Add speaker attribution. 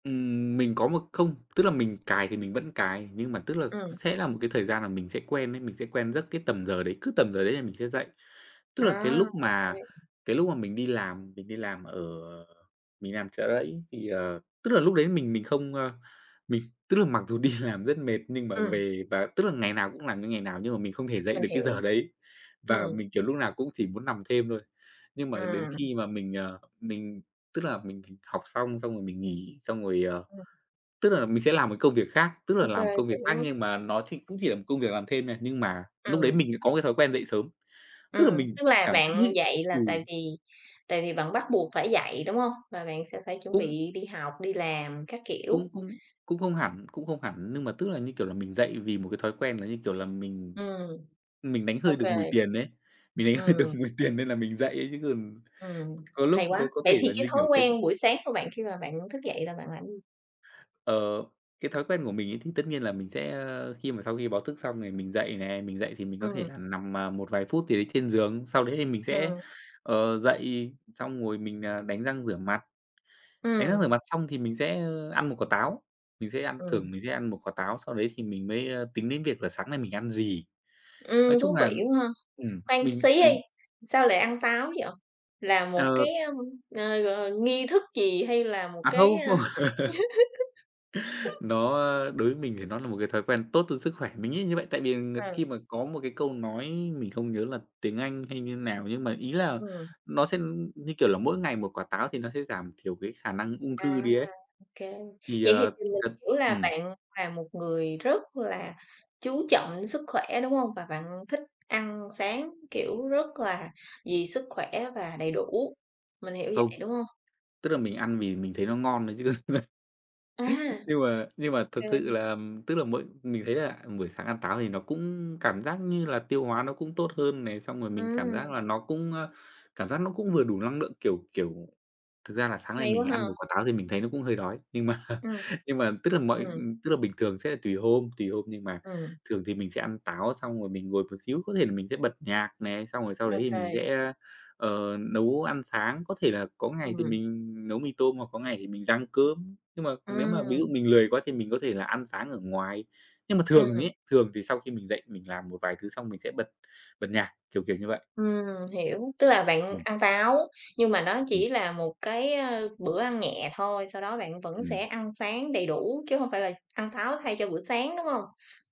Speaker 1: Ừm, mình có một không, tức là, mình cài thì mình vẫn cài. Nhưng mà, tức là,
Speaker 2: Ừm.
Speaker 1: sẽ là một cái thời gian là mình sẽ quen ấy, mình sẽ quen giấc cái tầm giờ đấy, cứ tầm giờ đấy là mình sẽ dậy. Tức là, cái
Speaker 2: À,
Speaker 1: lúc
Speaker 2: OK
Speaker 1: mà
Speaker 2: dữ.
Speaker 1: cái lúc mà mình đi làm, mình đi làm ở, à, mình đi làm Chợ Rẫy thì, ờ tức là, lúc đấy mình mình không, a mình, tức là, mặc dù đi làm rất mệt, nhưng mà
Speaker 2: Ừm.
Speaker 1: về và, tức là, ngày nào cũng làm như ngày nào nhưng mà mình không thể dậy
Speaker 2: Mình
Speaker 1: được cái
Speaker 2: hiểu,
Speaker 1: giờ đấy. Và
Speaker 2: ừm.
Speaker 1: mình, kiểu, lúc nào cũng chỉ muốn nằm thêm thôi. Nhưng mà đến
Speaker 2: Ừm.
Speaker 1: khi mà mình, ờ, mình, tức là, mình mình học xong, xong rồi mình nghỉ xong rồi, ờ,
Speaker 2: Ừm.
Speaker 1: tức là, mình sẽ làm một cái công việc khác, tức là,
Speaker 2: OK,
Speaker 1: làm một công việc khác
Speaker 2: hiểu.
Speaker 1: nhưng mà nó chỉ cũng chỉ là một công việc làm thêm thôi, nhưng mà lúc đấy
Speaker 2: Ừm.
Speaker 1: mình lại có một cái thói quen dậy sớm. Tức là,
Speaker 2: Ừm,
Speaker 1: mình
Speaker 2: tức là
Speaker 1: cảm thấy
Speaker 2: bạn
Speaker 1: nhị
Speaker 2: dậy
Speaker 1: ừ.
Speaker 2: là tại vì tại vì bạn bắt buộc phải dậy, đúng hông? Và bạn sẽ phải chuẩn
Speaker 1: Cũng
Speaker 2: bị đi học, đi làm các kiểu.
Speaker 1: cũng cũng cũng không hẳn, cũng không hẳn, nhưng mà, tức là, như kiểu là, mình dậy vì một cái thói quen là như, kiểu là, mình
Speaker 2: Ừm,
Speaker 1: mình đánh hơi
Speaker 2: OK.
Speaker 1: được mùi tiền ấy, mình đánh hơi được
Speaker 2: Ừm.
Speaker 1: mùi tiền nên là mình dậy ấy chứ còn
Speaker 2: Ừm,
Speaker 1: có lúc
Speaker 2: hay quá!
Speaker 1: có có
Speaker 2: Vậy
Speaker 1: thể
Speaker 2: thì
Speaker 1: là
Speaker 2: cái
Speaker 1: như,
Speaker 2: thói
Speaker 1: kiểu, tưng
Speaker 2: quen buổi sáng của bạn khi mà bạn thức dậy là bạn làm gì?
Speaker 1: Ờ, cái thói quen của mình ấy thì tất nhiên là mình sẽ, a, khi mà sau khi báo thức xong thì mình dậy nè, mình dậy thì mình có thể
Speaker 2: Ừm.
Speaker 1: là nằm, à, một vài phút gì đấy trên giường. Sau đấy thì mình sẽ,
Speaker 2: Ừm.
Speaker 1: ờ, dậy xong rồi mình, à, đánh răng rửa mặt. Đánh răng
Speaker 2: Ừm.
Speaker 1: rửa mặt xong thì mình sẽ, a, ăn một quả táo. Mình sẽ ăn
Speaker 2: Ừm.
Speaker 1: thường mình sẽ ăn một quả táo, sau đấy thì mình mới, a, tính đến việc là sáng nay mình ăn gì. Nói
Speaker 2: Ừm,
Speaker 1: chung
Speaker 2: thú
Speaker 1: là, ừm,
Speaker 2: vị quá ha!
Speaker 1: ừm,
Speaker 2: Khoan
Speaker 1: mình
Speaker 2: xí đi,
Speaker 1: mình
Speaker 2: sao lại ăn táo vậy? Là một
Speaker 1: Ờ.
Speaker 2: cái, a, à, ờ, nghi thức gì hay là một
Speaker 1: À,
Speaker 2: cái
Speaker 1: không
Speaker 2: a
Speaker 1: không. Nó, a, đối với mình thì nó là một cái thói quen tốt cho sức khỏe. Mình nghĩ là như vậy tại vì là ng
Speaker 2: Ờ.
Speaker 1: khi mà có một cái câu nói mình không nhớ là tiếng Anh hay như nào, nhưng mà ý là
Speaker 2: Ừm.
Speaker 1: nó sẽ, ừm, như kiểu là, mỗi ngày một quả táo thì nó sẽ giảm thiểu cái khả năng ung thư
Speaker 2: À,
Speaker 1: đi ấy.
Speaker 2: OK,
Speaker 1: Thì,
Speaker 2: vậy thì
Speaker 1: à,
Speaker 2: thì mình
Speaker 1: thật
Speaker 2: hiểu là
Speaker 1: ừm.
Speaker 2: bạn là một người rất là chú trọng sức khỏe, đúng hông? Và bạn thích ăn sáng, kiểu, rất là vì sức khỏe và đầy đủ, mình hiểu
Speaker 1: Không.
Speaker 2: vậy, đúng hông?
Speaker 1: Tức là, mình ăn vì mình thấy nó ngon thôi chứ.
Speaker 2: À.
Speaker 1: Nhưng mà nhưng mà thực sự
Speaker 2: OK.
Speaker 1: là, ừm, tức là, mỗi mình thấy là, ừm, buổi sáng ăn táo thì nó cũng cảm giác như là tiêu hóa nó cũng tốt hơn này, xong rồi mình cảm
Speaker 2: Ừm.
Speaker 1: giác là nó cũng, a, cảm giác nó cũng vừa đủ năng nượng, kiểu, kiểu thực ra là sáng nay
Speaker 2: Hay quá
Speaker 1: mình ăn một
Speaker 2: ha!
Speaker 1: quả táo thì mình thấy nó cũng hơi đói. Nhưng mà
Speaker 2: Ưm,
Speaker 1: nhưng mà, tức là,
Speaker 2: ừm.
Speaker 1: mọi
Speaker 2: Ừm.
Speaker 1: ừm, tức là, bình thường sẽ là tùy hôm tùy hôm nhưng mà
Speaker 2: Ừm.
Speaker 1: thường thì mình sẽ ăn táo xong rồi mình ngồi một xíu, có thể là mình sẽ bật nhạc này. Xong rồi sau đấy thì mình
Speaker 2: OK.
Speaker 1: sẽ a, ờ, nấu ăn sáng, có thể là có ngày thì
Speaker 2: Ừm.
Speaker 1: mình nấu mì tôm hoặc có ngày thì mình rang cơm. Nhưng mà nếu mà ví dụ
Speaker 2: Ừm.
Speaker 1: mình lười quá thì mình có thể là ăn sáng ở ngoài. Nhưng mà thường mình
Speaker 2: Ừm.
Speaker 1: ấy, thường thì sau khi mình dậy mình làm một vài thứ xong mình sẽ bật bật nhạc, kiểu, kiểu như vậy.
Speaker 2: Ừm, hiểu, tức là bạn
Speaker 1: Ừm.
Speaker 2: ăn táo, nhưng mà nó
Speaker 1: Ừm.
Speaker 2: chỉ là một cái, a, bữa ăn nhẹ thôi. Sau đó bạn vẫn sẽ
Speaker 1: Ừm.
Speaker 2: ăn sáng đầy đủ, chứ hông phải là ăn táo thay cho bữa sáng, đúng hông?